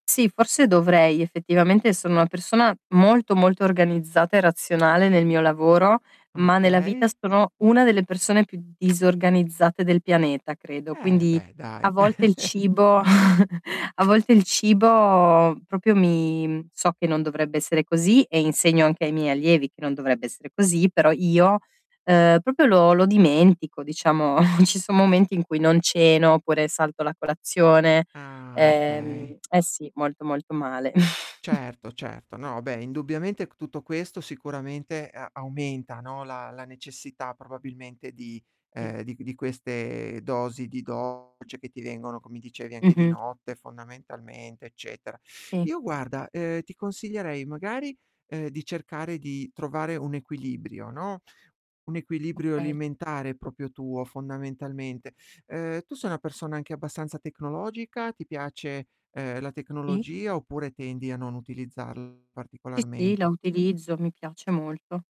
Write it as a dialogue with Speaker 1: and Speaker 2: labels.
Speaker 1: Sì, forse dovrei effettivamente. Sono una persona molto, molto organizzata e razionale nel mio lavoro, ma nella vita
Speaker 2: Okay.
Speaker 1: sono una delle persone più disorganizzate del pianeta, credo.
Speaker 2: Eh,
Speaker 1: Quindi
Speaker 2: beh
Speaker 1: a
Speaker 2: dai.
Speaker 1: volte il cibo a volte il cibo proprio mi so che non dovrebbe essere così, e insegno anche ai miei allievi che non dovrebbe essere così, però io, ehm, proprio lo lo dimentico, diciamo. Ci son momenti in cui non ceno, oppure salto la colazione.
Speaker 2: Ah, okay.
Speaker 1: Ehm, eh sì, molto, molto male.
Speaker 2: Certo, certo. No, beh, indubbiamente c tutto questo sicuramente a aumenta, no, la la necessità probabilmente di
Speaker 1: Mh.
Speaker 2: ehm, di di queste dosi di dolce che ti vengono, come dicevi, anche di
Speaker 1: Mh-mh.
Speaker 2: notte fondamentalmente, eccetera.
Speaker 1: Mh.
Speaker 2: Io guarda, ehm, ti consiglierei, magari, ehm, di cercare di trovare un equilibrio, no, un equilibrio
Speaker 1: Okay.
Speaker 2: alimentare proprio tuo fondamentalmente. Ehm, tu sei una persona anche abbastanza tecnologica? Ti piace, ehm, la
Speaker 1: Mh.
Speaker 2: tecnologia, oppure tendi a non utilizzarli
Speaker 1: Sì, sì, la
Speaker 2: particolarmente?
Speaker 1: utilizzo, mi piace molto.